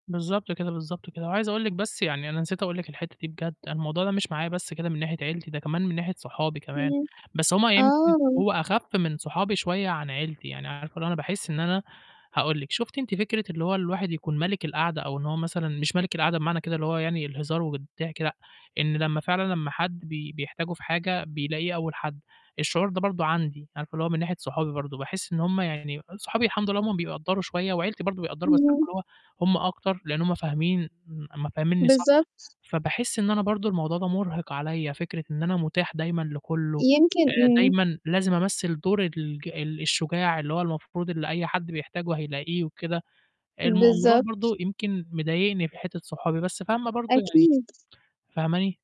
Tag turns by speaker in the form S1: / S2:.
S1: بالضبط كده، بالضبط كده، وعايز أقول لِك بس يعني أنا نسيت أقول لِك الحتّة دي بجد، أنا الموضوع ده مش معايا بس كده من ناحية عيلتي، ده كمان من ناحية صحابي كمان،
S2: إمم،
S1: بس هُم يمكن
S2: آه.
S1: هو أخَف من صحابي شوية عن عيلتي، يعني عارفة اللي هو أنا باحس إن أنا هاقول لِك. شُفتِ أنتِ فكرة اللي هو الواحد يكون ملك القعدة أو إن هو مثلًا مش ملك القعدة بمعنى كده اللي هو يعني الهزار والضحك لأ، إن لمّا فعلًا لمّا حد بي بيحتاجوا في حاجة بيلاقيه أول حد. الشعور ده برضه عندي، عارفة اللي هو من ناحية صحابي برضه، باحس إن هُم يعني صحابي الحمد لله هُم بيقدّروا شوية وعيلتي برضه بيقدّروا بس عارفة
S2: إمم.
S1: اللي هو هُم أكتر، لإن هُم فاهمين م م فهمنّي صح،
S2: بالضبط.
S1: فباحس إن أنا برضه الموضوع ده مُرهِق عليّا فكرة إن أنا متاح دايمًا لكُلّه،
S2: يمكن
S1: آآ
S2: إمم.
S1: دايمًا لازم أمثل دور الج الشجاع اللي هو المفروض اللي أي حد بيحتاجوا هيلاقيه وكده. الموضوع
S2: بالضبط.
S1: برضه يمكن مضايقني في حتّة صحابي، بس فاهمة برضه يعني
S2: أكيد.
S1: فاهماني؟